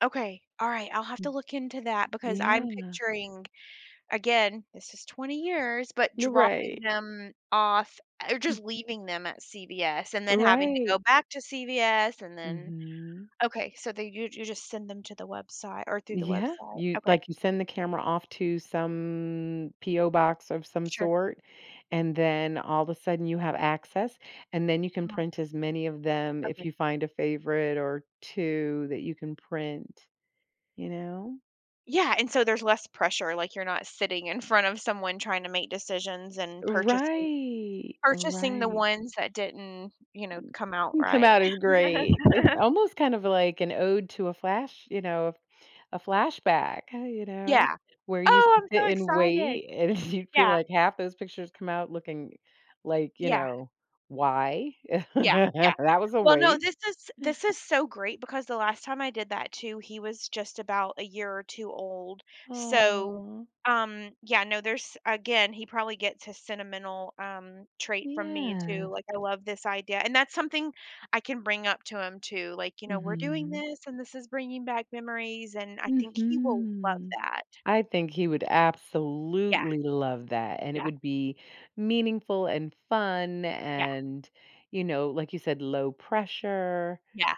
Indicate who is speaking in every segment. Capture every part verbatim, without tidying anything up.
Speaker 1: Okay. Alright. I'll have
Speaker 2: Y
Speaker 1: to look into that because I'm
Speaker 2: Yeah.
Speaker 1: picturing again, this is twenty years, but
Speaker 2: You're
Speaker 1: dropping
Speaker 2: right.
Speaker 1: them off or just leaving them at CVS and then having to
Speaker 2: Right.
Speaker 1: go back to CVS and then
Speaker 2: Mhm.
Speaker 1: okay. So they you you just send them to the website or through the
Speaker 2: Yeah.
Speaker 1: website.
Speaker 2: You
Speaker 1: Okay.
Speaker 2: like, you send the camera off to some P.O. Box of some
Speaker 1: Sure.
Speaker 2: sort, and then all of a sudden you have access, and then you can
Speaker 1: [unintelligible]
Speaker 2: print as many of them if
Speaker 1: Okay.
Speaker 2: you find a favorite or two that you can print, you know.
Speaker 1: Yeah, and so there's less pressure, like, you're not sitting in front of someone trying to make decisions and purchasing
Speaker 2: Right,
Speaker 1: purchasing the
Speaker 2: right.
Speaker 1: ones that didn't, you know, come out
Speaker 2: Come
Speaker 1: right.
Speaker 2: out as great. It's almost, kind of, like, an ode to a flash, you know, a flashback, huh, you know,
Speaker 1: Yeah.
Speaker 2: where you
Speaker 1: Oh, I'm
Speaker 2: sit
Speaker 1: so
Speaker 2: and
Speaker 1: excited.
Speaker 2: wait, and you feel,
Speaker 1: Yeah.
Speaker 2: like, half those pictures come out looking like, you
Speaker 1: Yeah.
Speaker 2: know, "Why?"
Speaker 1: Yeah, yeah.
Speaker 2: that was a
Speaker 1: Well, no.
Speaker 2: waste.
Speaker 1: This is this is so great because the last time I did that too, he was, just, about a year or two old, so,
Speaker 2: Aw.
Speaker 1: um, yeah, no, there's again, he probably gets his sentimental, um, trait from me too,
Speaker 2: Yes.
Speaker 1: like, I love this idea, and that's something I can bring up to him too, like, you know, we're doing
Speaker 2: Mhm.
Speaker 1: this, and this is bringing back memories, and I think he will love
Speaker 2: Mhm.
Speaker 1: that.
Speaker 2: I think he would
Speaker 1: Yeah.
Speaker 2: absolutely love that, and it
Speaker 1: Yeah.
Speaker 2: would be meaningful, and fun
Speaker 1: Yeah.
Speaker 2: and, you know, like you said, low pressure,
Speaker 1: Yeah.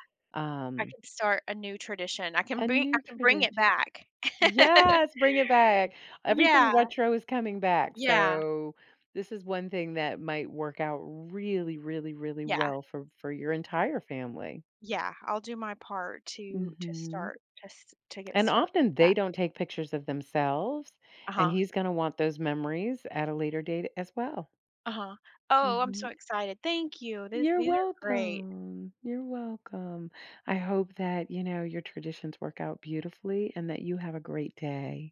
Speaker 1: I
Speaker 2: um
Speaker 1: can start a new tradition. I can
Speaker 2: a
Speaker 1: bri I
Speaker 2: new
Speaker 1: can bring it
Speaker 2: tradition.
Speaker 1: back.
Speaker 2: Yes, bring it back. Everything
Speaker 1: Yeah.
Speaker 2: retro is coming back,
Speaker 1: Yeah.
Speaker 2: so this is one thing that might work out really really really
Speaker 1: Yeah.
Speaker 2: well for for your entire family.
Speaker 1: Yeah. I'll do my part to to
Speaker 2: Mhm.
Speaker 1: start, to s to get
Speaker 2: And
Speaker 1: start
Speaker 2: often
Speaker 1: that.
Speaker 2: they don't take pictures of themselves, and
Speaker 1: Uh-huh.
Speaker 2: he's gonna want those memories at a later date as well.
Speaker 1: Uh-huh. Oh, I'm so
Speaker 2: Mhm.
Speaker 1: excited. Thank you. This
Speaker 2: You're
Speaker 1: these are great.
Speaker 2: welcome. You're welcome. I hope that, you know, your traditions work out beautifully and that you have a great day.